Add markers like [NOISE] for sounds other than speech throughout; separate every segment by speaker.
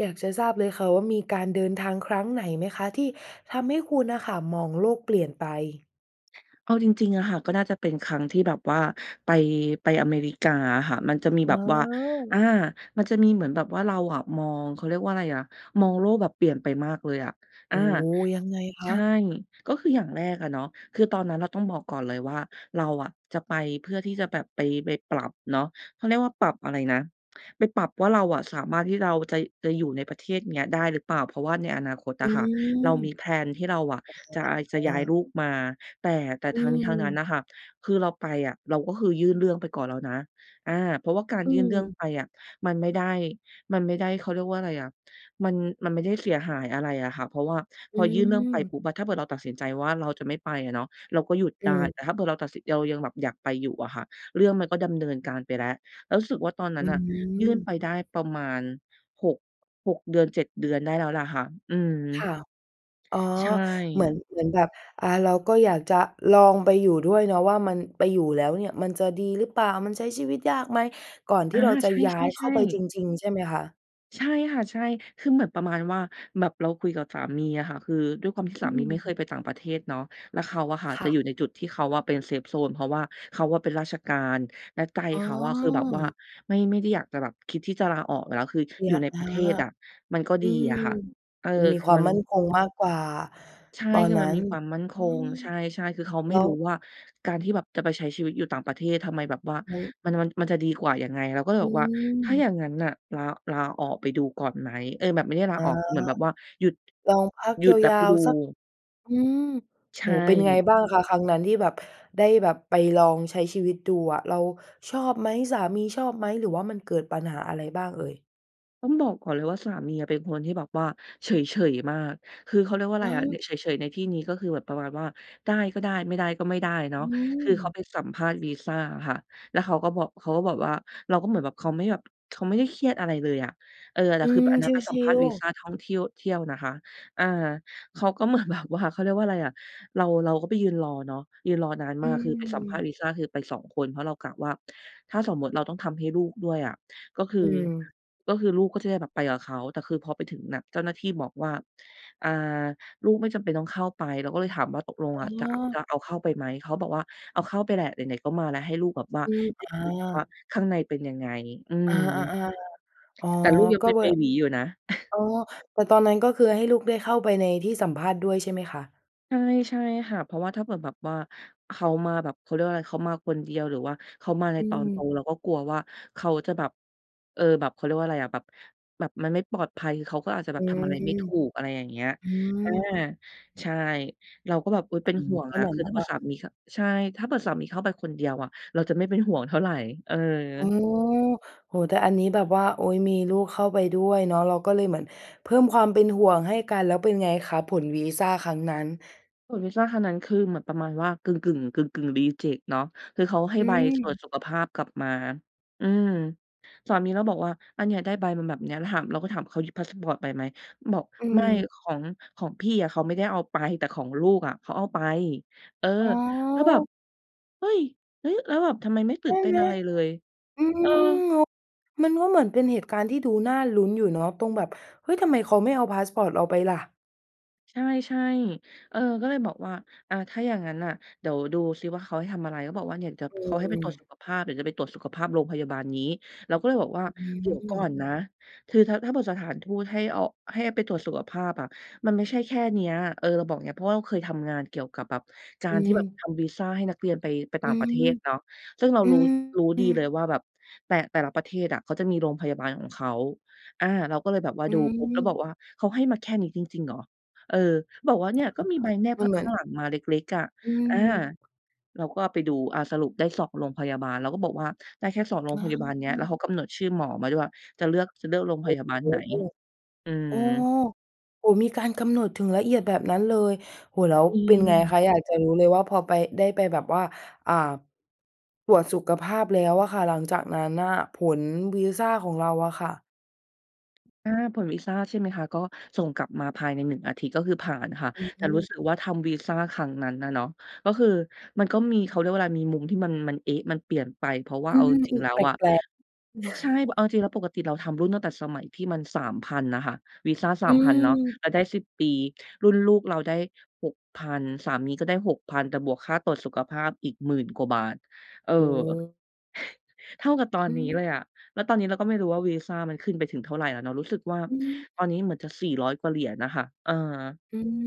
Speaker 1: อยากจะทราบเลยค่ะว่ามีการเดินทางครั้งไหนไหมคะที่ทำให้คุณน่ะค่ะมองโลกเปลี่ยนไป?
Speaker 2: เอาจริง ๆ อะค่ะ ก็น่าจะเป็นครั้งที่แบบว่าไป ไปอเมริกาอะค่ะ มันจะมี
Speaker 1: อ
Speaker 2: แบ
Speaker 1: ๋
Speaker 2: บว่า อ
Speaker 1: อ
Speaker 2: า มันจะมีเหมือนแบบว่าเราอะมอง เขาเรียกว่าไรอะ มองโลกแบบเปลี่ยนไปมากเลยอะ
Speaker 1: โ
Speaker 2: อ
Speaker 1: อ้
Speaker 2: า
Speaker 1: โฮ ยังไงค
Speaker 2: ใช่
Speaker 1: ะ?
Speaker 2: ก็คืออย่างแรกอะเนาะ คือตอนนั้นเราต้องบอกก่อนเลยว่าเราอะจะไปเพื่อที่จะแบบไป ไปปรับเนาะ เขาเรียกว่าปรับอะไรนะ ไปปรับว่าเราอะสามารถที่เราจะ จะอยู่ในประเทศนี้ได้หรือเปล่า เพราะว่าในอนาคต
Speaker 1: อ
Speaker 2: อ
Speaker 1: ื
Speaker 2: ะค่ะ เรา
Speaker 1: ม
Speaker 2: มี แพลน ที่เราอะ จะ
Speaker 1: อ
Speaker 2: จะย้าย
Speaker 1: า
Speaker 2: ลูกมา แต่ แต่
Speaker 1: อ
Speaker 2: ทั้งนี้ทั้งนั้น
Speaker 1: ืม
Speaker 2: น่ะค่ะ คือเราไปอะเราก็คือยื่นเรื่องไปก่อนแล้วนะ อา เพราะว่าการ
Speaker 1: อื
Speaker 2: ยื่นเรื่อง
Speaker 1: ม
Speaker 2: ไปอะมันไม่ได้ มันไม่ได้ เขาเรียกว่าอะไรอะ มัน มันไม่ได้เสียหายอะไรอะค่ะ เพราะว่า
Speaker 1: อ
Speaker 2: พ
Speaker 1: ื
Speaker 2: อยื่นเรื่องไปป
Speaker 1: ม
Speaker 2: ุ๊บอะ ถ้าเผื่อเราตัดสินใจว่าเราจะไม่ไปอะเนาะ เราก็หยุด
Speaker 1: อื
Speaker 2: ได้ แต่
Speaker 1: ม
Speaker 2: ถ้าเผื่อเราตัดสิน เรายังแบบอยากไปอยู่อะค่ะ เรื่องมันก็ดำเนินการไปแล้ว แล้วรู้สึกว่าตอนนั
Speaker 1: อ
Speaker 2: ้
Speaker 1: ื
Speaker 2: นน่ะยื่น
Speaker 1: ม
Speaker 2: ไปได้ประมาณ 6- 6 เดือน 7 เดือนได้แล้วแหละค่ะ อืม
Speaker 1: ค่ะ อ๋อ
Speaker 2: ใช่
Speaker 1: เหมือน เหมือนแบบ อ่า เราก็อยากจะลองไปอยู่ด้วยเนาะ ว่ามันไปอยู่แล้วเนี่ยมันจะดีหรือเปล่า มันใช้ชีวิตยากไหม ก่อนท
Speaker 2: อ
Speaker 1: ี่
Speaker 2: า
Speaker 1: เราจะ
Speaker 2: ใ
Speaker 1: ย้ายเ
Speaker 2: ช
Speaker 1: ข้า
Speaker 2: ่
Speaker 1: ไป
Speaker 2: ๆ
Speaker 1: จ
Speaker 2: ๆ
Speaker 1: ริง ๆ ใช่ไหมคะ?
Speaker 2: ใช่ค่ะ ใช่ คือแบบประมาณว่า แบบเราคุยกับสามีอะค่ะ คือด้วยความที่
Speaker 1: อ
Speaker 2: ส
Speaker 1: ื
Speaker 2: ามีไม่เค
Speaker 1: ม
Speaker 2: ยไปต่างประเทศเนาะ แล้วเขาอะค่ะ
Speaker 1: ค
Speaker 2: จะ
Speaker 1: ่
Speaker 2: อ
Speaker 1: ะ
Speaker 2: ยู่ในจุดที่เขาอะเป็น เซฟโซน เพราะว่าเขาอะเป็นราชการ แล้วใจ
Speaker 1: อ๋
Speaker 2: เขาอะคือแบบว่า
Speaker 1: อ
Speaker 2: ไม่ ไม่ได้อยากจะแบบคิดที่จะลาออกอยู่แล้ว คือ
Speaker 1: เลี
Speaker 2: อยู
Speaker 1: ย
Speaker 2: ่ใน
Speaker 1: อ
Speaker 2: ป
Speaker 1: า
Speaker 2: ระเทศอะมันก็
Speaker 1: อื
Speaker 2: ดี
Speaker 1: ม
Speaker 2: อะค่ะ เออ
Speaker 1: มันมี
Speaker 2: คื
Speaker 1: ค
Speaker 2: อ
Speaker 1: วาม
Speaker 2: มัน
Speaker 1: มั่นคงมากกว่า
Speaker 2: ใช่
Speaker 1: ตอน
Speaker 2: คือ
Speaker 1: นั
Speaker 2: มั
Speaker 1: ้
Speaker 2: น
Speaker 1: น
Speaker 2: มีความมั่นค
Speaker 1: อื
Speaker 2: ง
Speaker 1: ม
Speaker 2: ใช่ ๆ คือเขาไ
Speaker 1: แ
Speaker 2: ม
Speaker 1: ล
Speaker 2: ่
Speaker 1: ้
Speaker 2: รู้
Speaker 1: ว
Speaker 2: ว่าการที่แบบจะไปใช้ชีวิตอยู่ต่างประเทศ ทำไมแบบว่า
Speaker 1: อือฮึ
Speaker 2: มัน มัน มันจะดีกว่ายังไง เราก็เลย
Speaker 1: อ
Speaker 2: บอกว่า "ถ้าอย
Speaker 1: ืม
Speaker 2: ่างงั้นน่ะ ลา ลาออกไปดูก่อนไหม?" เอ๊ย! แบบไม่ได้ลา
Speaker 1: อ๋อ
Speaker 2: ออก เหมือนแบบว่าหยุด
Speaker 1: ลองพัก
Speaker 2: หยุดแล้ว
Speaker 1: ยา
Speaker 2: ไป
Speaker 1: ว
Speaker 2: ดู
Speaker 1: ๆ สัก อืม
Speaker 2: ใช
Speaker 1: โอ้โฮ เป็นไง
Speaker 2: ่
Speaker 1: บ้างคะครั้งนั้นที่แบบได้แบบไปลองใช้ชีวิตดูอะ เราชอบไหม? สามีชอบไหม? หรือว่ามันเกิดปัญหาอะไรบ้างเอ่ย?
Speaker 2: ต้องบอกก่อนเลยว่าสามีอะเป็นคนที่แบบว่าเฉย ๆ มาก คือเขาเรียกว่าอะ
Speaker 1: อ
Speaker 2: ไร
Speaker 1: ้
Speaker 2: อะ ล
Speaker 1: อ
Speaker 2: เฉย ๆ ในที่นี้ก็คือแบบประมาณว่า ได้ก็ได้ ไม่ได้ก็ไม่ได้เนา
Speaker 1: อ
Speaker 2: ะ
Speaker 1: ื
Speaker 2: คือเขา
Speaker 1: ม
Speaker 2: ไปสัมภาษณ์วีซาอะค่ะ แล้วเขาก็บอก เขาก็บอกว่า เราก็เหมือนแบบ เขาไม่แบบ เขาไม่ได้เครียดอะไรเลยอะ เออ แต
Speaker 1: อ
Speaker 2: ่
Speaker 1: ื
Speaker 2: คือแบ
Speaker 1: ม
Speaker 2: บอันนั
Speaker 1: ช
Speaker 2: ้นไปสัม
Speaker 1: ิ
Speaker 2: ภาษณ์
Speaker 1: ล
Speaker 2: วี
Speaker 1: ๆ
Speaker 2: ซาท่องเที่ยว เที่ยวนะคะ อา เขาก็เหมือน แบบว่า เขาเรียกว่าอะไรอะ เรา เราก็ไปยืนรอเนาะ ยืนรอนาน
Speaker 1: อ
Speaker 2: ม
Speaker 1: ื
Speaker 2: าก คือไปสัมภาษณ
Speaker 1: ม
Speaker 2: ์วีซาคือไป 2 คน เพราะเรากะว่าถ้าสมมุติเราต้องทำให้ลูกด้วยอะ ก็คื
Speaker 1: อ
Speaker 2: อ
Speaker 1: ืม
Speaker 2: ก็คือลูกก็จะได้แบบไปกับเขา แต่คือพอไปถึงน่ะ เจ้าหน้าที่บอกว่า อา "ลูกไม่จำเป็นต้องเข้าไป" เราก็เลยถามว่า "ตกลง
Speaker 1: อ๋
Speaker 2: อ
Speaker 1: อ
Speaker 2: ะจะ จะเอาเข้าไปไหม?" เขาบอกว่า "เอาเข้าไปแหละ ไหน ๆ ก็มาแล้ว ให้ลูกแบบว่า
Speaker 1: อืม
Speaker 2: ได้
Speaker 1: อ
Speaker 2: เห็นแบบว่า
Speaker 1: า
Speaker 2: ข้างในเป็นยังไง?" อื
Speaker 1: อ
Speaker 2: ม
Speaker 1: า ๆ ๆ อ๋อ
Speaker 2: แต่ลูกยัง
Speaker 1: ก
Speaker 2: เ
Speaker 1: ็
Speaker 2: ป็น
Speaker 1: เว
Speaker 2: เบ
Speaker 1: ลา
Speaker 2: บีอยู่นะ [CHUCKLES]
Speaker 1: อ๋อ แต่ตอนนั้นก็คือให้ลูกได้เข้าไปในที่สัมภาษณ์ด้วย ใช่ไหมคะ?
Speaker 2: ใช่ ใช่ค่ะ เพราะว่าถ้าเกิดแบบว่าเขามาแบบ เขาเรียกว่าอะไร เขามาคนเดียว หรือว่าเขามาใน
Speaker 1: อื
Speaker 2: ตอนโต
Speaker 1: ม
Speaker 2: เราก็กลัวว่าเขาจะแบบ เออ แบบ เขาเรียกว่าอะไรอะ แบบ แบบมันไม่ปลอดภัย เขาก็อาจจะแบ
Speaker 1: อื
Speaker 2: บทำอะไรไม่
Speaker 1: ม
Speaker 2: ถูก อะไรอย่างเงี้ย
Speaker 1: อื
Speaker 2: อา
Speaker 1: ม
Speaker 2: ใช่ เราก็แบบ อุ๊ย เป็น
Speaker 1: อื
Speaker 2: ห
Speaker 1: ม
Speaker 2: ่วง
Speaker 1: ก็
Speaker 2: อ
Speaker 1: เ
Speaker 2: ะ
Speaker 1: หมือ
Speaker 2: ค
Speaker 1: น
Speaker 2: ือ
Speaker 1: แบ
Speaker 2: ถ้า
Speaker 1: บ
Speaker 2: เผื
Speaker 1: ว่
Speaker 2: ่อ
Speaker 1: า
Speaker 2: สามีเข้า ใช่ ถ้าเผื่อสามีเข้าไปคนเดียวอะเราจะไม่เป็นห่วงเท่าไร เออ
Speaker 1: อืม โอ้โฮ แต่อันนี้แบบว่า โอ๊ย มีลูกเข้าไปด้วยเนาะ เราก็เลยเหมือนเพิ่มความเป็นห่วงให้กัน แล้วเป็นไงคะผลวีซาครั้งนั้น?
Speaker 2: ผลวีซาครั้งนั้นคือเหมือนประมาณว่ากึ่ง ๆ กึ่ง ๆ รีเจกต์ เนาะ คือเขาให้
Speaker 1: อ
Speaker 2: ใบตรวจ
Speaker 1: ืม
Speaker 2: สุขภาพกลับมา อืม สามีเราบอกว่า "อา เนี่ย ได้ใบมาแบบเนี้ย" เราถาม เราก็ถาม "เขาหยิบพาสปอร์ตไปไหม?" บอก
Speaker 1: อ
Speaker 2: "ไม่
Speaker 1: ืม
Speaker 2: ของ ของพี่อะเขาไม่ได้เอาไป แต่ของลูกอะ เขาเอาไป" เออ
Speaker 1: อ๋
Speaker 2: แล้วแบบ
Speaker 1: อ
Speaker 2: เฮ้ย! เฮ้ย แล้วแบบทำไมไม่
Speaker 1: ใ
Speaker 2: ตื
Speaker 1: ช
Speaker 2: ่
Speaker 1: ่
Speaker 2: นเต้
Speaker 1: ไ
Speaker 2: น
Speaker 1: หม
Speaker 2: อะไรเลย
Speaker 1: อืม
Speaker 2: เออ
Speaker 1: โอ้ มันก็เหมือนเป็นเหตุการณ์ที่ดูน่าลุ้นอยู่เนาะ ตรงแบบ เฮ้ย! ทำไมเขาไม่เอาพาสปอร์ตเราไปล่ะ
Speaker 2: ใช่ ๆ เออ ก็เลยบอกว่า อะ ถ้าอย่างงั้นน่ะ เดี๋ยวดูซิว่า เขาให้ทำอะไร เขาบอกว่า เนี่ยเดี๋ยว
Speaker 1: อื
Speaker 2: เขาให้ไปตรวจสุ
Speaker 1: ม
Speaker 2: ขภาพ เดี๋ยวจะไปตรวจสุขภาพโรงพยาบาลนี้ เราก็เลยบอกว่า
Speaker 1: อื
Speaker 2: เดี๋ยวก่อน
Speaker 1: ม
Speaker 2: นะ คือถ้า ถ้าบอกสถานทูตให้เอา ให้ไปตรวจสุขภาพอะมันไม่ใช่แค่เนี้ย เออ เราบอกอย่างเงี้ย เพราะเราเคยทำงานเกี่ยวกับแบบ กา
Speaker 1: อื
Speaker 2: รที่แบบ
Speaker 1: ม
Speaker 2: ทำวีซาให้นักเรียนไป ไป
Speaker 1: อ
Speaker 2: ต่
Speaker 1: ื
Speaker 2: างประเท
Speaker 1: ม
Speaker 2: ศเนาะ ซึ่งเรา
Speaker 1: อื
Speaker 2: รู้ รู้ดีเล
Speaker 1: ม
Speaker 2: ยว่าแบบแต่ แต่ละประเทศอะ เขาจะมีโรงพยาบาลของเขา อา เราก็เลยแบบว่า
Speaker 1: อื
Speaker 2: ดูปุ๊บแล้วบ
Speaker 1: ม
Speaker 2: อกว่า "เขาให้มาแค่นี้จริง ๆ เหรอ" เออ บอกว่า "เน
Speaker 1: อ
Speaker 2: ี่
Speaker 1: ะ
Speaker 2: ย
Speaker 1: ฮ
Speaker 2: ก็มีใบแนบ
Speaker 1: ะ มั
Speaker 2: ข
Speaker 1: นเหมื
Speaker 2: ข
Speaker 1: อ
Speaker 2: ้
Speaker 1: น
Speaker 2: างหลังมาเล็ก ๆ" อะ
Speaker 1: อื
Speaker 2: อา
Speaker 1: ม
Speaker 2: เราก็ไปดู อา สรุปได้ 2 โรงพยาบาล เราก็บอกว่า ได้แค่ 2 โรง
Speaker 1: อ
Speaker 2: พยาบาลเนี้ย แล้
Speaker 1: า
Speaker 2: วเขากำหนดชื่อหมอมาด้วย จะเลือก จะเลือกโรง
Speaker 1: โ
Speaker 2: พ
Speaker 1: อ้
Speaker 2: ยาบาลไหน
Speaker 1: โฮ!
Speaker 2: อื
Speaker 1: อ๋อ
Speaker 2: ม
Speaker 1: โอ้ มีการกำหนดถึงละเอียดแบบนั้นเลย โอ้โฮ แล้ว
Speaker 2: อื
Speaker 1: เป็นไงค
Speaker 2: ม
Speaker 1: ะ อยากจะรู้เลยว่าพอไป ได้ไปแบบว่า อ่า ตรวจสุขภาพแล้วอะค่ะ หลังจากนั้นน่ะผลวีซาของเราอะค่ะ?
Speaker 2: อา ผลวีซา ใช่ไหมคะ ก็ส่งกลับมาภายใน 1 อาทิตย์ ก็คือผ่านค่ะ
Speaker 1: อ
Speaker 2: แต่รู้
Speaker 1: ืม
Speaker 2: สึกว่าทำวีซาครั้งนั้นน่ะเนาะ ก็คือมันก็มี เขาเรียกว่าอะไร มีมุมที่มัน มัน เอ๊ะ มันเปลี่ยนไป เพราะว่า
Speaker 1: อื
Speaker 2: เอา
Speaker 1: ม
Speaker 2: จร
Speaker 1: อ
Speaker 2: ิ
Speaker 1: ื
Speaker 2: ง ๆ
Speaker 1: ม
Speaker 2: แล้
Speaker 1: แ
Speaker 2: ว
Speaker 1: ป
Speaker 2: อะ
Speaker 1: ลก ๆ
Speaker 2: ใช่ เอา
Speaker 1: [CHUCKLES]
Speaker 2: จริง ๆ แล้วปกติเราทำรุ่นตั้งแต่สมัยที่มัน 3,000 น่ะค่ะ วีซา ส
Speaker 1: อ
Speaker 2: า
Speaker 1: ื
Speaker 2: มพัน เนาะ
Speaker 1: ม
Speaker 2: เราได้ 10 รุ่นลูกเราได้ 6,000 สามีก็ได้ 6,000 แต่บวกค่าตรวจสุขภาพอีก 10,000 กว่าบาท เออ
Speaker 1: อือ
Speaker 2: เท่ากับตอน
Speaker 1: อื
Speaker 2: นี้
Speaker 1: ม
Speaker 2: เลยอะ แล้วตอนนี้เราก็ไม่รู้ว่า วีซามันขึ้นไปถึงเท่าไรแล้วเนาะ รู้สึกว่า
Speaker 1: อื
Speaker 2: ตอ
Speaker 1: ม
Speaker 2: นนี้เหมือนจะ 400 กว่าเหรียญน่ะค่ะ เออ
Speaker 1: อืม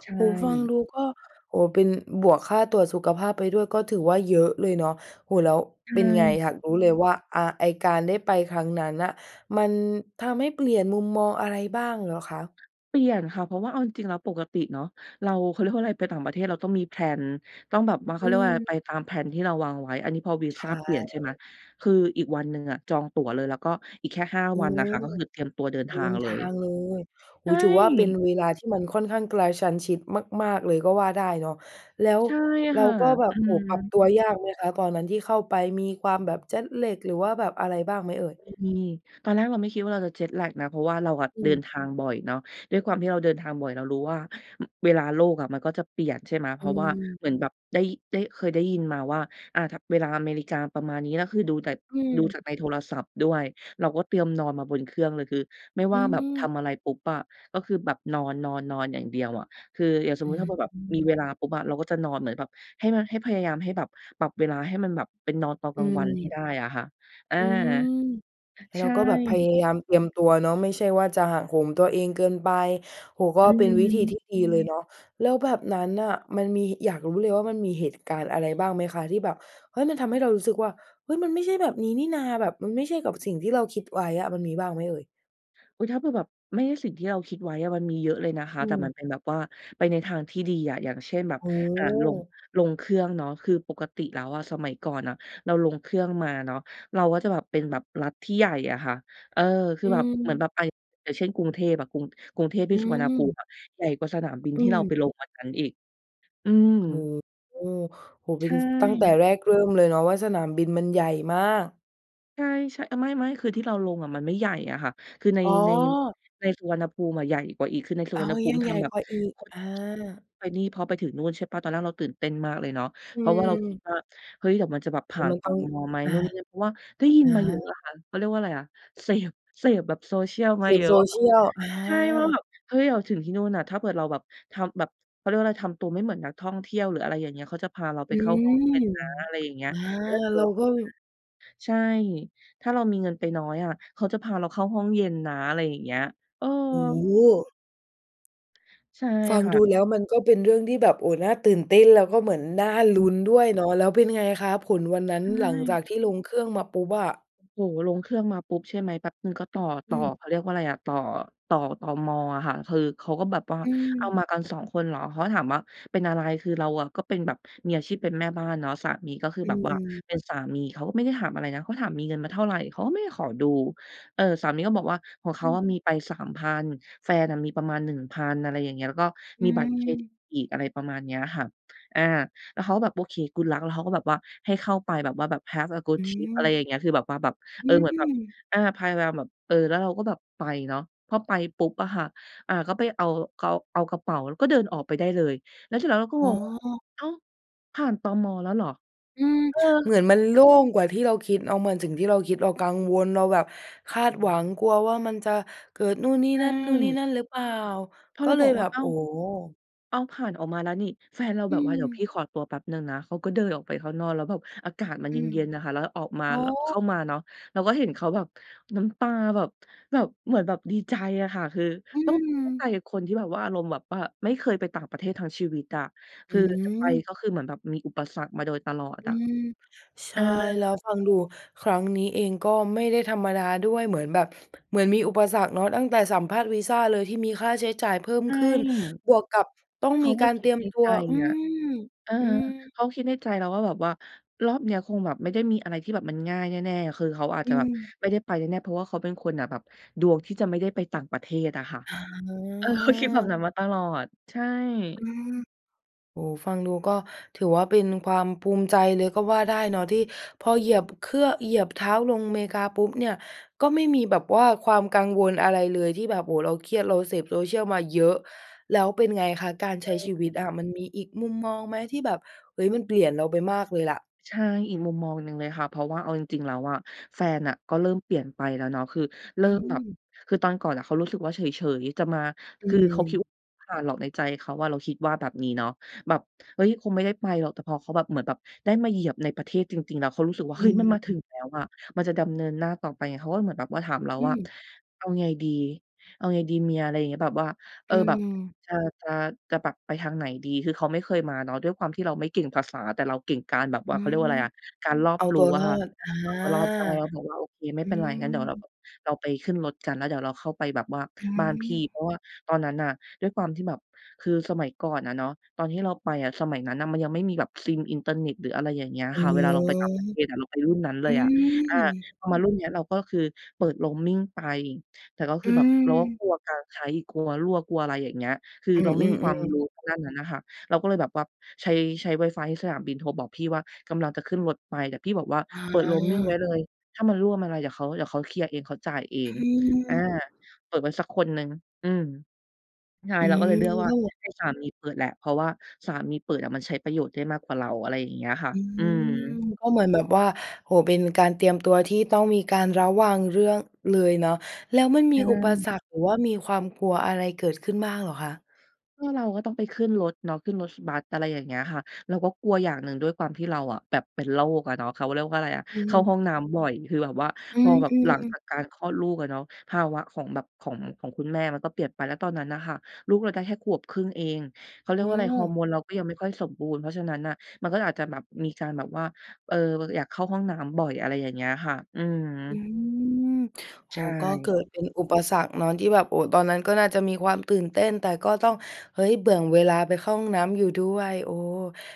Speaker 2: ใช
Speaker 1: โอ้โฮ! ฟัง
Speaker 2: ่
Speaker 1: ดู ก็ โอ้โฮ เป็น บวกค่าตรวจสุขภาพไปด้วย ก็ถือว่าเยอะเลยเนาะ โอ้โฮ แล้ว
Speaker 2: ใช
Speaker 1: เ
Speaker 2: ่
Speaker 1: ป็นไงอยากรู้เลยว่า อ่า ไอ้การได้ไปครั้งนั้นน่ะ มันทำให้เปลี่ยนมุมมอง อะไรบ้างเหรอคะ?
Speaker 2: เปลี่ยนค่ะ เพราะว่าเอาจริง ๆ แล้วปกติเนาะ เรา เขาเรียกว่า อะไร ไปต่างประเทศเราต้องมี แพลน ต้องแบบว่า เข
Speaker 1: อ
Speaker 2: า
Speaker 1: ื
Speaker 2: เรียกว่าอะไร ไ
Speaker 1: ม
Speaker 2: ปตาม แพลน ที่เราวางไว้ อันนี้พอวี
Speaker 1: ใช
Speaker 2: ซาเปลี่ยน ใช่ไหม
Speaker 1: ่
Speaker 2: คืออีกวันหนึ่งอะจองตั๋วเลย แล้วก็อีกแค่ 5
Speaker 1: อื
Speaker 2: วันน่
Speaker 1: ม
Speaker 2: ะค่ะ ก็คือเตรียมตัวเดิน
Speaker 1: เด
Speaker 2: ท
Speaker 1: ิ
Speaker 2: าง
Speaker 1: น
Speaker 2: เล
Speaker 1: ทา
Speaker 2: ย
Speaker 1: งเลย โอ
Speaker 2: ใช
Speaker 1: ้โ
Speaker 2: ่
Speaker 1: ฮ ถือว่าเป็นเวลาที่มันค่อนข้างกระชั้นชิดมาก ๆ เลยก็ว่าได้เนาะ แล้ว
Speaker 2: ใช่
Speaker 1: เร
Speaker 2: ค
Speaker 1: า
Speaker 2: ่ะ
Speaker 1: ก็แบ
Speaker 2: อ
Speaker 1: บ
Speaker 2: ื
Speaker 1: โอ้โฮ ปรับ
Speaker 2: ม
Speaker 1: ตัวยากไหมคะ ก่อนนั้นที่เข้าไป มีความแบบ Jet Lag หรือว่าแบบอะไรบ้างไหมเอ่ย?
Speaker 2: มี ตอนแรกเราไม่คิดว่าเราจะ Jet Lag นะ เพราะว่าเราอะ
Speaker 1: อ
Speaker 2: เดิน
Speaker 1: ืม
Speaker 2: ทางบ่อยเนาะ ด้วยความที่เราเดินทางบ่อย เรารู้ว่า เวลาโลกอะมันก็จะเปลี่ยน ใช่ไหม เพ
Speaker 1: อื
Speaker 2: ราะว่า
Speaker 1: ม
Speaker 2: เหมือนแบบได้ ได้ เคยได้ยินมาว่า อ่า ถ เวลาอเมริกาประมาณนี้ แล้วคือดูจาก
Speaker 1: อื
Speaker 2: ดูจาก
Speaker 1: ม
Speaker 2: ในโทรศัพท์ด้วย เราก็เตรียมนอนมาบนเครื่องเลย คือไม่
Speaker 1: อ
Speaker 2: ว
Speaker 1: ื
Speaker 2: ่าแบบท
Speaker 1: ม
Speaker 2: ำอะไรปุ๊บอะ ก็คือแบบนอน ๆ ๆ อย่างเดียวอะ คืออย่างสม
Speaker 1: อ
Speaker 2: ม
Speaker 1: ื
Speaker 2: ุติถ้
Speaker 1: ม
Speaker 2: าแบบมีเวลาปุ๊บอะ เราก็จะนอนเหมือนแบบ ให้มัน ให้พยายามให้แบบปรับเวลาให้มันแบบเป็นนอนตอน
Speaker 1: อ
Speaker 2: กลางวันให้
Speaker 1: ืม
Speaker 2: ได้อะค่ะ อา
Speaker 1: อืม ไอ้
Speaker 2: ใช
Speaker 1: เรา
Speaker 2: ่
Speaker 1: ก็แบบพยายามเตรียมตัวเนาะ ไม่ใช่ว่าจะหักโหมตัวเองเกินไป โอ้โฮ ก็
Speaker 2: อื
Speaker 1: เป็นวิธี
Speaker 2: ม
Speaker 1: ที่ดีเลยเนาะ แล้วแบบนั้นน่ะ มันมี อยากรู้เลยว่ามันมีเหตุการณ์อะไรบ้างไหมคะที่แบบ เฮ้ย มันทำให้เรารู้สึกว่า เฮ้ย! มันไม่ใช่แบบนี้นี่นา แบบมันไม่ใช่กับสิ่งที่เราคิดไว้อะ มันมีบ้างไหมเอ่ย?
Speaker 2: อุ้ย ถ้าเผื่อแบบไม่ใช่สิ่งที่เราคิดไว้อะมันมีเยอะเลยนะคะ
Speaker 1: อื
Speaker 2: แต่มั
Speaker 1: อ
Speaker 2: นเป็นแบบว่าไปในทางที่ดีอะ อย่างเช่นแบบ
Speaker 1: โอ้
Speaker 2: อ่า ลง
Speaker 1: โฮ
Speaker 2: ลงเครื่องเนาะ คือปกติแล้วอะสมัยก่อนอะเราลงเครื่องมาเนาะ เราก็จะแบบเป็นแบบรัฐที่ใหญ่อะค่ะ เออ คื
Speaker 1: อ
Speaker 2: อแบบ เหมือน
Speaker 1: ืม
Speaker 2: แบบไป อย่างเช่น กรุงเทพอะ กรุง กรุงเทพที
Speaker 1: อ
Speaker 2: ่สุวรรณภู
Speaker 1: ื
Speaker 2: ม
Speaker 1: ม
Speaker 2: ิอะใหญ่กว่าสนามบิน
Speaker 1: อื
Speaker 2: ที่เราไป
Speaker 1: ม
Speaker 2: ลงวันนั้นอีก อืม
Speaker 1: โอ้โฮ โอ้โฮ เ
Speaker 2: ใ
Speaker 1: ป
Speaker 2: ช
Speaker 1: ็น
Speaker 2: ่
Speaker 1: ส ตั้งแต่แรกเริ่มเลยเนาะว่าสนามบินมันใหญ่มาก
Speaker 2: ใช่ ๆ อา ไม่ ๆ คือที่เราลงอะมันไม่ใหญ่อะค่ะ คือใน
Speaker 1: อ๋
Speaker 2: ใน
Speaker 1: อ
Speaker 2: ในสุวรรณภูมิอะใหญ่กว่าอีก คือในสุ
Speaker 1: อ๋อ
Speaker 2: วรรณภู
Speaker 1: ยั
Speaker 2: มิ
Speaker 1: ง
Speaker 2: ท
Speaker 1: ใหญ่
Speaker 2: ำแบบ
Speaker 1: กว่าอีก อา
Speaker 2: [UNINTELLIGIBLE] ไปนี่ พอไปถึงนู่นใช่เปล่า ตอนแรกเราตื่นเต้นมากเลยเนาะ
Speaker 1: อื
Speaker 2: เพราะว่าเราคิด
Speaker 1: ม
Speaker 2: ว่า เฮ้ย! เดี๋ยวมันจะแบบผ
Speaker 1: แล้
Speaker 2: ่
Speaker 1: ว
Speaker 2: าน
Speaker 1: มัน
Speaker 2: ต
Speaker 1: ต้อ
Speaker 2: ม.
Speaker 1: ง
Speaker 2: ไหม
Speaker 1: อา
Speaker 2: นู่น นี่ นั่น เพราะว่าได้ยิ
Speaker 1: อ
Speaker 2: น
Speaker 1: า
Speaker 2: มาเยอะอะค่ะ เขาเรียกว่าอะไรอะ เสพ เสพแบบ Social ม
Speaker 1: เส
Speaker 2: าเย
Speaker 1: พ
Speaker 2: อะว่าแบบ
Speaker 1: Social อ
Speaker 2: ใช่ ว่าแบ
Speaker 1: า
Speaker 2: บ เฮ้ย เราถึงที่นู่นน่ะ ถ้าเกิด เราแบบ ทำแบบ เขาเรียกว่าอะไร ทำตัวไม่เหมือนนักท่องเที่ยว หรืออะไรอย่างเงี้ย เขาจะพาเราไ
Speaker 1: อ
Speaker 2: ป
Speaker 1: ื
Speaker 2: เข้าห้อง
Speaker 1: ม
Speaker 2: เย็นนะ อะไรอย่างเงี้ย
Speaker 1: อา
Speaker 2: แล้วถ้าเกิด
Speaker 1: เร
Speaker 2: เ
Speaker 1: า
Speaker 2: รา อา
Speaker 1: ก็ ม
Speaker 2: ใช่ ถ้าเรามีเงินไปน้อยอะเขาจะพาเราเข้าห้องเย็นนะ อะไรอย่างเงี้ย เออ
Speaker 1: โอ้โฮ
Speaker 2: ใช่
Speaker 1: ฟัง
Speaker 2: ค่
Speaker 1: ด
Speaker 2: ะ
Speaker 1: ูแล้วมันก็เป็นเรื่องที่แบบน่า โอ้ น่าตื่นเต้น แล้วก็เหมือนน่าลุ้นด้วยเนาะ แล้วเป็นไงคะ ผลวันนั้
Speaker 2: ใ
Speaker 1: น
Speaker 2: ช
Speaker 1: หลังจ
Speaker 2: ่
Speaker 1: ากที่ลงเครื่องมาปุ๊บอะ?
Speaker 2: โอ้โฮ ลงเครื่องมาปุ๊บ ใช่ไหม แป๊บหนึ่งก็ต่อ ต
Speaker 1: อ
Speaker 2: ่อ
Speaker 1: ืม
Speaker 2: เขาเรียกว่าอะไรอะ ต่อ ต่อ ตม.อะค่ะ คือเขาก็แบบว่า
Speaker 1: อ
Speaker 2: อ้าว
Speaker 1: ืม
Speaker 2: มากัน 2 คนเหรอ เขาก็ถามว่า "เป็นอะไร?" คือเราอะก็เป็นแบบมีอาชีพเป็นแม่บ้านเนาะ สามีก็คือ
Speaker 1: อ
Speaker 2: แบบว่า
Speaker 1: ืม
Speaker 2: เป็นสามี เขาก็ไม่ได้ถามอะไรนะ เขาถาม "มีเงินมาเท่าไร?" เขาก็ไม่ได้ขอดู เออ สามีก็บอกว่า "ของเข
Speaker 1: อ
Speaker 2: า
Speaker 1: ืม
Speaker 2: มีไป 3,000 แฟนมีประมาณ 1,000" อะไรอย่างเงี้ย แล้วก็
Speaker 1: อ
Speaker 2: ม
Speaker 1: ื
Speaker 2: ีบัตรเครดิต
Speaker 1: ม
Speaker 2: อีก อะไรประมาณนี้อะค่ะ อา แล้วเขาก็แบบ "โอเค Good luck" แล้วเขาก็แบบว่า ให้เข้าไปแบบว่าแบบ "Have a
Speaker 1: อ
Speaker 2: good
Speaker 1: ื
Speaker 2: trip" อะไร
Speaker 1: ม
Speaker 2: อย่างเงี้ย คือแบบว่าแบบ เ
Speaker 1: อ
Speaker 2: อ
Speaker 1: ื
Speaker 2: อ เหมือนแบบ
Speaker 1: ม
Speaker 2: อา พยายามแบบ เออ แล้วเราก็แบบไปเนาะ พอไปปุ๊บอะค่ะ อา ก็ไปเอา เกา เอากระเป๋าแล้วก็เดินออกไปได้เลย แล้วเสร็จแล้วเราก็
Speaker 1: อ
Speaker 2: ง
Speaker 1: ๋
Speaker 2: งว่า
Speaker 1: อ
Speaker 2: "อ้าว ผ่าน ตม.แล้วเหรอ?"
Speaker 1: อืม
Speaker 2: เออ
Speaker 1: เหมือนมันโล่งกว่าที่เราคิด เอามา สิ่งที่เราคิด เรากังวล เราแบบคาดหวัง กลัวว่ามันจะเกิดนู่น นี่
Speaker 2: อื
Speaker 1: นั่น นู่น นี่
Speaker 2: ม
Speaker 1: นั่นหรือเปล่า
Speaker 2: เขา
Speaker 1: ก
Speaker 2: เล
Speaker 1: ็
Speaker 2: ย
Speaker 1: เล
Speaker 2: บ
Speaker 1: ย
Speaker 2: อกว
Speaker 1: แบ
Speaker 2: ่า
Speaker 1: บ
Speaker 2: "อ้า
Speaker 1: โอ
Speaker 2: ว
Speaker 1: ้โฮ
Speaker 2: อ้าว ผ่านออกมาแล้วนี่" แฟนเรา
Speaker 1: อ
Speaker 2: แ
Speaker 1: ื
Speaker 2: บบว่า "เดี๋ยวพ
Speaker 1: ม
Speaker 2: ี่ขอตัวแป๊บหนึ่งนะ" เขาก็เดินออกไปข้างนอก แล้วแบบอากาศมัน
Speaker 1: อื
Speaker 2: เ
Speaker 1: ม
Speaker 2: ย็น ๆ น่ะค่ะ แล้วออกมา
Speaker 1: อ๋อ
Speaker 2: ล เข้ามาเนาะ เราก็เห็นเขาแบบ น้ำตาแบบ แบบ เหมือนแบบดีใจอะค่ะ คือ
Speaker 1: อื
Speaker 2: ต้อง ต้องเข้าใ
Speaker 1: ม
Speaker 2: จกับคนที่แบบว่า อารมณ์แบบว่าไม่เคยไปต่างประเทศทั้งชีวิตอะ
Speaker 1: อ
Speaker 2: คือจะไป
Speaker 1: ืม
Speaker 2: ก็คือเหมือนแบบมีอุปสรรคมาโดยตลอด
Speaker 1: อื
Speaker 2: อะ
Speaker 1: ม ใช
Speaker 2: เอ
Speaker 1: ่
Speaker 2: อ
Speaker 1: แล้วฟังดูครั้งนี้เองก็ไม่ได้ธรรมดาด้วย เหมือนแบบ เหมือนมีอุปสรรคเนาะ ตั้งแต่สัมภาษณ์วีซาเลยที่มีค่าใช้จ่ายเพิ่ม
Speaker 2: ใช
Speaker 1: ขึ้น
Speaker 2: ่
Speaker 1: บวกกับต้อง
Speaker 2: เข
Speaker 1: ม
Speaker 2: า
Speaker 1: ี
Speaker 2: ก็
Speaker 1: การ
Speaker 2: ค
Speaker 1: เ
Speaker 2: ิ
Speaker 1: ตร
Speaker 2: ด
Speaker 1: ียม
Speaker 2: ใน
Speaker 1: ตั
Speaker 2: ใจ
Speaker 1: ว อื
Speaker 2: อะ
Speaker 1: ม
Speaker 2: เออ
Speaker 1: อืม
Speaker 2: เขาก็คิดในใจแล้วว่า แบบว่ารอบนี้คงแบบไม่ได้มีอะไรที่แบบมันง่ายแน่ ๆ คือเขาอาจ
Speaker 1: อ
Speaker 2: จะ
Speaker 1: ื
Speaker 2: แบบ
Speaker 1: ม
Speaker 2: ไม่ได้ไปแน่ ๆ เพราะว่าเขาเป็นคนน่ะ แบบดวงที่จะไม่ได้ไปต่างประเทศอะค่ะ เออ เขาคิดแบบ
Speaker 1: อา
Speaker 2: นั้นมาตลอด ใช่
Speaker 1: อืม โอ้โฮ ฟังดูก็ถือว่าเป็นความภูมิใจเลยก็ว่าได้เนาะ ที่พอเหยียบ บ เครื่อง เหยียบเท้าลงเมกาปุ๊บเนี่ย ก็ไม่มีแบบว่าความกังวลอะไรเลยที่แบบ โอ้โฮ เราเครียด เราเสพ Social มาเยอะ แล้วเป็นไงคะ การใช้ชีวิ
Speaker 2: เออ
Speaker 1: ตอะมันมีอีกมุมมองไหมที่แบบ เฮ้ย มันเปลี่ยนเราไปมากเลยล่ะ?
Speaker 2: ใช่ อีกมุมมองหนึ่งเลยค่ะ เพราะว่าเอาจริง ๆ แล้วอะ แฟนน่ะก็เริ่มเปลี่ยนไปแล้วเนาะ คือเร
Speaker 1: อ
Speaker 2: ิ่
Speaker 1: ื
Speaker 2: มแบบ
Speaker 1: ม
Speaker 2: คือตอนก่อนอะเขารู้สึกว่าเฉย ๆ จะมา
Speaker 1: อื
Speaker 2: คือเขาคิด
Speaker 1: อ
Speaker 2: ว่า ผ่านหรอกในใจเขาว่าเราคิดว่าแบบนี้เนาะ แบบ เฮ้ย คงไม่ได้ไปหรอก แต่พอเขาแบบ เหมือนแบบได้มาเหยียบในประเทศจริง ๆ แล้วเขารู้สู้สึกว่า
Speaker 1: อ
Speaker 2: "เ
Speaker 1: ื
Speaker 2: ฮ้ย! มันมาถึง
Speaker 1: ม
Speaker 2: แล้วอะ มันจะดำเนินหน้าต่อไปไง" เขาก็เหมือนแบบว่าถา
Speaker 1: ฮ
Speaker 2: มเรา
Speaker 1: อื
Speaker 2: ว่า
Speaker 1: ม
Speaker 2: "เอาไงดี? เอาไงดีเมีย?" อะไรอย่างนี้ แบบว่า เ
Speaker 1: อ
Speaker 2: อ
Speaker 1: ื
Speaker 2: อ แบบ
Speaker 1: ม
Speaker 2: จะ จะ จะปรับไปทางไหนดี คือเขาไม่เคยมาเนาะ ด้วยความที่เราไม่เก่งภาษา แต่เราเก่งการแบบ
Speaker 1: อ
Speaker 2: ว่า
Speaker 1: ื
Speaker 2: เขาเรี
Speaker 1: ม
Speaker 2: ยกว่าอะไรอะ การรอ
Speaker 1: เ
Speaker 2: บ
Speaker 1: อา
Speaker 2: ร
Speaker 1: ต
Speaker 2: ู้
Speaker 1: ัว
Speaker 2: อ
Speaker 1: ร
Speaker 2: ะ
Speaker 1: อ
Speaker 2: ค่ะ
Speaker 1: ด อา
Speaker 2: เอาตัวรอดได้ แล้วบอกว่า "โอเค ไม่
Speaker 1: อื
Speaker 2: เป็นไร งั้นเดี๋ยวเราแ
Speaker 1: ม
Speaker 2: บบ เราไปขึ้นรถกัน แล้วเดี๋ยวเราเข้าไปแบบว่า
Speaker 1: อื
Speaker 2: บ้านพี่"
Speaker 1: ม
Speaker 2: เพราะว่าตอนนั้นน่ะด้วยความที่แบบ คือสมัยก่อนอะเนอาะตอนที่เราไปอะสมัยนั้นมันยังไม่มีแบบซิมอินเทอร์เน็ตหรือ อะไรอย่างเงี้ย
Speaker 1: อ๋อ
Speaker 2: ค่ะ เวลาเราไปต่างประเทศอะ เราไปรุ่นนั้นเ
Speaker 1: อ
Speaker 2: ล
Speaker 1: ื
Speaker 2: ยอะ อา
Speaker 1: ม
Speaker 2: พอมารุ่นนี้เราก็คือเปิด Roaming ไป แต่ก็ค
Speaker 1: อ
Speaker 2: ือ
Speaker 1: ื
Speaker 2: แบบเราก็
Speaker 1: ม
Speaker 2: กลัวการใช้ กลัวรั่ว กลัวอะไรอย่างเงี้ย คือ
Speaker 1: อื
Speaker 2: เราไม่มีความ
Speaker 1: อ ๆ ๆ
Speaker 2: รู้ทางด้านนั้นน่ะค่ะ เราก็เลยแบบว่าใช้ ใช้ wifi ให้สนามบินโทรบอกพี่ว่า "กำลังจะขึ้นรถไป" แต่พี่บอกว่า
Speaker 1: อ
Speaker 2: "เปิด Roaming ไว
Speaker 1: า
Speaker 2: ้เลย ถ้ามันรั่วมันอะไรเดี๋ยวเขา เดี๋ยวเขาเคลียร์เอง เขาจ่ายเอ
Speaker 1: อ
Speaker 2: ง" อา
Speaker 1: ืม
Speaker 2: เปิดไว้สักคนหนึ่ง อืม ใช่
Speaker 1: อื
Speaker 2: เราก็เล
Speaker 1: ม
Speaker 2: ยเลือกว่
Speaker 1: ก
Speaker 2: า
Speaker 1: ็แบบ
Speaker 2: ให้สามีเปิดแหละ เพราะว่าสามีเปิดอะมันใช้ประโยชน์ได้มากกว่าเรา อะไรอย่างเงี้ยค่ะ
Speaker 1: อื
Speaker 2: อื
Speaker 1: ม
Speaker 2: ม
Speaker 1: ก็เหมือนแบบว่า โอ้โฮ เป็นการเตรียมตัวที่ต้องมีการระวังเรื่อง เลยเนาะ แล้วมันม
Speaker 2: ใช
Speaker 1: ีอุปส
Speaker 2: ่
Speaker 1: รรค หรือว่ามีความกลัวอะไรเกิดขึ้นบ้างเหรอคะ?
Speaker 2: ก็เราก็ต้องไปขึ้นรถเนาะ ขึ้นรถบัส อะไรอย่างเงี้ยค่ะ เราก็กลัวอย่างหนึ่ง ด้วยความที่เราอะแบบเป็นโรคอะเนาะ เขาเรียกว่าอะไรอะ
Speaker 1: อ
Speaker 2: เข้าห
Speaker 1: ือ
Speaker 2: ้องน้ำบ่อย คือแบบว่า
Speaker 1: อื
Speaker 2: พอแบบหลัง
Speaker 1: ม
Speaker 2: จ
Speaker 1: ๆ
Speaker 2: ากการคลอดลูกอะเนาะ ภาวะของแบบ ของ ของคุณแม่มันก็เปลี่ยนไป แล้วตอนนั้นน่ะค่ะลูกเราได้แค่ขวบครึ่งเอง เขาเรี
Speaker 1: อ
Speaker 2: ยก
Speaker 1: ้
Speaker 2: ว่าอะไร ฮอร์
Speaker 1: อ
Speaker 2: โมนเราก็ยังไม่ค่อยสมบูรณ์ เพราะฉะนั้นน่ะมันก็อาจจะแบบ มีการแบบว่า เออ อยากเข้าห้องน้ำบ่อย อะไรอย่างเงี้ยค่ะ อืม
Speaker 1: อืม โอ้โ
Speaker 2: ใ
Speaker 1: ฮ
Speaker 2: ช
Speaker 1: ก็เกิ
Speaker 2: ่
Speaker 1: ดเป็นอุปสรรคเนาะ ที่แบบ โอ้ ตอนนั้นก็น่าจะมีความตื่นเต้น แต่ก็ต้อง เฮ้ย แบ่งเวลาไปเข้าห้องน้ำอยู่ด้วย โอ้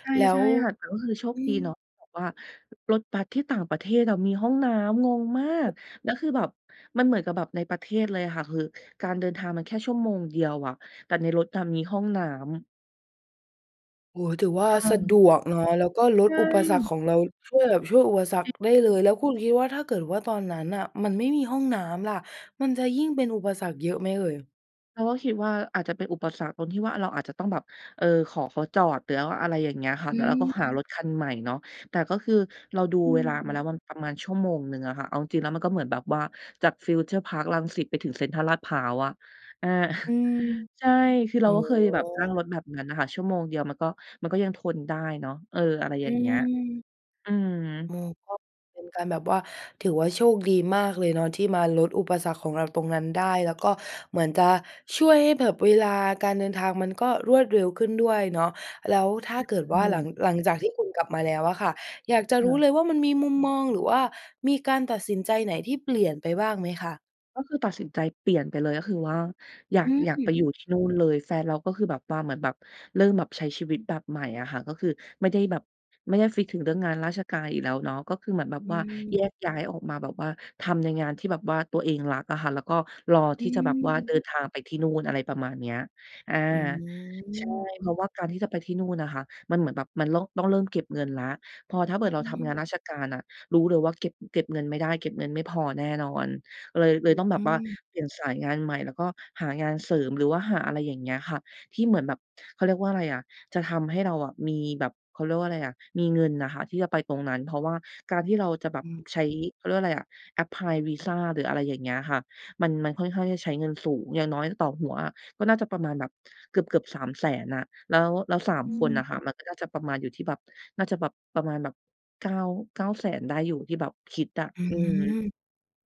Speaker 2: ใช่
Speaker 1: แล้
Speaker 2: ใช
Speaker 1: ว
Speaker 2: ่ค่ะ แต่ว่าคือโช
Speaker 1: อ
Speaker 2: ค
Speaker 1: ื
Speaker 2: ดีเนา
Speaker 1: ม
Speaker 2: ะ แบบว่ารถบัสที่ต่างประเทศอะมีห้องน้ำ งงมาก
Speaker 1: [UNINTELLIGIBLE]
Speaker 2: แล้วคือแบบ มันเหมือนกับแบบในประเทศเลยอะค่ะ คือ การเดินทางมันแค่ชั่วโมงเดียวอะ แต่ในรถน่ะมีห้องน้ำ
Speaker 1: โอ้ ถือว่า
Speaker 2: อ
Speaker 1: สะด
Speaker 2: ืม
Speaker 1: วกเนาะ แล้วก็ล
Speaker 2: ใช
Speaker 1: ดอุปสรร
Speaker 2: ่
Speaker 1: คของเรา ช่วยแบบ ช่วยอุปสรรคได้เล
Speaker 2: อือ
Speaker 1: ย แล้วคุณคิดว่าถ้าเกิดว่าตอนนั้นน่ะมันไม่มีห้องน้ำล่ะ มันจะยิ่งเป็นอุปสรรคเยอะไหมเอ่ย?
Speaker 2: เราก็คิดว่าอาจจะเป็นอุปสรรคตรงที่ว่าเราอาจจะต้องแบบ เออ ขอเขาจอด หรือว่าอะไรอย่างเงี้ยค่ะ
Speaker 1: อ
Speaker 2: แล้วเราก็
Speaker 1: ืม
Speaker 2: หารถคันใหม่เนาะ แต่ก็คือเราดู
Speaker 1: อ
Speaker 2: เวลามาแ
Speaker 1: ืม
Speaker 2: ล้วว่าประมาณชั่วโมงหนึ่งอะค่ะ เอาจริง ๆ แล้วมันก็เหมือนแบบว่าจากฟิวเจอร์พาร์ครังสิตไปถึงเซ็นทรัลลาดพร้าวอะ อา
Speaker 1: อื
Speaker 2: [CHUCKLES]
Speaker 1: ม
Speaker 2: ใช่ คือเ
Speaker 1: โอ
Speaker 2: รา
Speaker 1: ้
Speaker 2: ก็
Speaker 1: โ
Speaker 2: เคยแบบนั่ง
Speaker 1: ฮ
Speaker 2: รถแบบนั้นน่ะค่ะ ชั่วโมงเดียวมันก็ มันก็ยังทนได้เนาะ เออ อะไร
Speaker 1: อ
Speaker 2: อย
Speaker 1: ื
Speaker 2: ่างเงี้ย
Speaker 1: ม
Speaker 2: อืม
Speaker 1: อือ ก็เป็นการแบบว่า ถือว่าโชคดีมากเลยเนาะที่มาลดอุปสรรคของเราตรงนั้นได้ แล้วก็เหมือนจะช่วยให้แบบเวลาการเดินทางมันก็รวดเร็วขึ้นด้วยเนาะ แล้วถ้า
Speaker 2: อ
Speaker 1: เกิ
Speaker 2: ใ
Speaker 1: ด
Speaker 2: ช
Speaker 1: ว่าหลั
Speaker 2: ่
Speaker 1: ง หลังจากที่คุณกลับมาแล้วอะค่ะ อยากจะ
Speaker 2: ค
Speaker 1: ร
Speaker 2: ่
Speaker 1: ู้เ
Speaker 2: ะ
Speaker 1: ลยว่ามันมีมุมมอง หรือว่ามีการตัดสินใจไหนที่เปลี่ยนไปบ้างไหมคะ?
Speaker 2: ก็คือตัดสินใจเปลี่ยนไปเลย ก็คือว่าอยา
Speaker 1: อ
Speaker 2: ก
Speaker 1: ื
Speaker 2: อยากไปอยู
Speaker 1: ม
Speaker 2: ่ที่นู่นเลย แฟนเราก็คือแบบว่าเหมือนแบบ เริ่มแบบใช้ชีวิตแบบใหม่อะค่ะ ก็คือไม่ได้แบบ ไม่ได้ฟิกซ์ถึงเรื่องงานราชการอีกแล้วเนาะ ก็คือเหมือนแบบ
Speaker 1: อื
Speaker 2: ว่าแย
Speaker 1: ม
Speaker 2: กย้ายออกมาแบบว่าทำในงานที่แบบว่าตัวเองรักอะค่ะ แล้วก็รอ
Speaker 1: อ
Speaker 2: ท
Speaker 1: ื
Speaker 2: ี่จะแบบว่าเ
Speaker 1: ม
Speaker 2: ดินทางไปที่นู่น อะไรประมาณนี้ อา
Speaker 1: อื
Speaker 2: ใช่
Speaker 1: ม
Speaker 2: เพราะว่าการที่จะไปที่นู่นน่ะค่ะ มันเหมือนแบบมันล่อง ต้องเริ่มเก็บเงินแล้ว พอถ้าเผ
Speaker 1: ฮ
Speaker 2: ิ
Speaker 1: อ
Speaker 2: ด เรา
Speaker 1: ื
Speaker 2: ทำงานร
Speaker 1: ม
Speaker 2: าชการน่ะ รู้เลยว่าเก็บ เก็บเงินไม่ได้ เก็บเงินไม่พอแน่นอน เลย เลยต้องแบ
Speaker 1: อ
Speaker 2: บ
Speaker 1: ื
Speaker 2: ว่า
Speaker 1: ม
Speaker 2: เปลี่ยนสายงานใหม่ แล้วก็หางานเสริม หรือว่าหาอะไรอย่างเงี้ยค่ะ ที่เหมือนแบบ เขาเรียกว่าอะไรอะ จะทำให้เราอะมีแบบ เขาเรียกว่าอะไรอะ มีเงินน่ะค่ะที่จะไปตรงนั้น เพราะว่าการที่เราจะแบ
Speaker 1: อ
Speaker 2: บ
Speaker 1: ืม
Speaker 2: ใช้ เขาเรียกว่าอะไร apply วีซา หรืออะไรอย่างเงี้ยค่ะ มัน มันค่อนข้างจะใช้เงินสูง อย่างน้อยต่อหัวอะก็น่าจะประมาณแบบเกือบ ๆ 300,000 อะ แล้ว แล้ว 3
Speaker 1: อื
Speaker 2: คนน่
Speaker 1: อ
Speaker 2: ะค่ะมันก็น่าจะประมาณอยู่ที่แบบ น่าจะแบบ ประมาณแบบ 9- 900,000 ได้อยู่ ที่แบบคิดอะ
Speaker 1: อือ
Speaker 2: อือ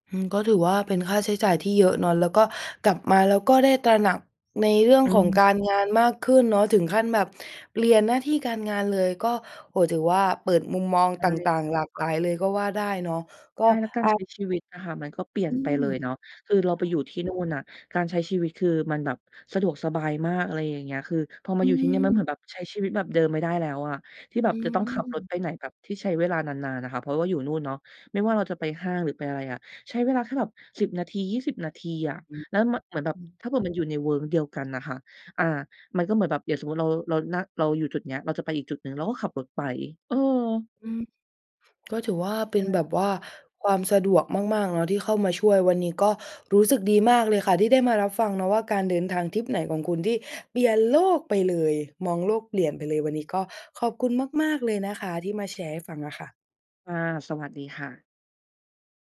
Speaker 1: อือ ก็ถือว่าเป็นค่าใช้จ่ายที่เยอะเนาะ แล้วก็กลับมาแล้วก็ได้ตระหนักในเรื่อง
Speaker 2: อ
Speaker 1: ของ
Speaker 2: ืม
Speaker 1: การงานมากขึ้นเนาะ ถึงขั้นแบบเปลี่ยนหน้าที่การงานเลย ก็ โอ้โฮ ถือว่าเปิดมุมมอง
Speaker 2: ใช
Speaker 1: ต
Speaker 2: ่
Speaker 1: ่าง ๆ หลากหลายเลยก็ว่าได้เนาะ ก็
Speaker 2: ใช่ แล้วกา
Speaker 1: อ
Speaker 2: ร
Speaker 1: า
Speaker 2: ใช้ชีวิตอะค่ะมันก็เปลี่ย
Speaker 1: อ
Speaker 2: น
Speaker 1: ื
Speaker 2: ไป
Speaker 1: ม
Speaker 2: เลยเนาะ คือเรา
Speaker 1: อ
Speaker 2: ไ
Speaker 1: ๋
Speaker 2: ป
Speaker 1: อ
Speaker 2: อยู่ที่นู่นน่ะการใช้ชีวิตคือมันแบบสะดวกสบายมาก อะไรอย่างเงี้ย คือพอม
Speaker 1: อ
Speaker 2: าอยู่ที่นี่มันเห
Speaker 1: ื
Speaker 2: ม
Speaker 1: ม
Speaker 2: ือนแบบใช้ชีวิตแบบเดิมไม่ได้แล้วอะ ที่แบ
Speaker 1: อ
Speaker 2: บ
Speaker 1: ื
Speaker 2: จะต้องขับรถ
Speaker 1: ม
Speaker 2: ไปไหนแบบที่ใช้เวลานาน ๆ น่ะค่ะ เพราะว่าอยู่นู่นเนาะไม่ว่าเราจะไปห้าง หรือไปอะไรอ่ะ ใช้เวลาแค่แบบ 10 นาที 20 นาทีอะ
Speaker 1: อือ
Speaker 2: แล้ว ม เหมือนแบ
Speaker 1: อ
Speaker 2: บ
Speaker 1: ือ
Speaker 2: ถ้าเผื่อมันอยู่ในเวิ้งเดียวกันน่ะค่ะ อา มันก็เหมือนแบบอย่างสมมุติเรา เรา น เราอยู่จุดเนี้ย เราจะไปอีกจุดหนึ่งเราก็ขับรถไป เออ
Speaker 1: อือ ก็ถือว่าเ
Speaker 2: ใช
Speaker 1: ป็นแ
Speaker 2: ่
Speaker 1: บบว่าความสะดวกมาก ๆ เนาะ ที่เข้ามาช่วย วันนี้ก็รู้สึกดีมากเลยค่ะที่ได้มารับฟังเนาะว่าการเดินทางทริปไหนของคุณที่เปลี่ยนโลกไปเลย มองโลกเปลี่ยนไปเลย วันนี้ก็ขอบคุณมาก ๆ เลยนะคะ ที่มาแชร์ให้ฟังอะค่ะ
Speaker 2: ค่ะ สวัสดีค่ะ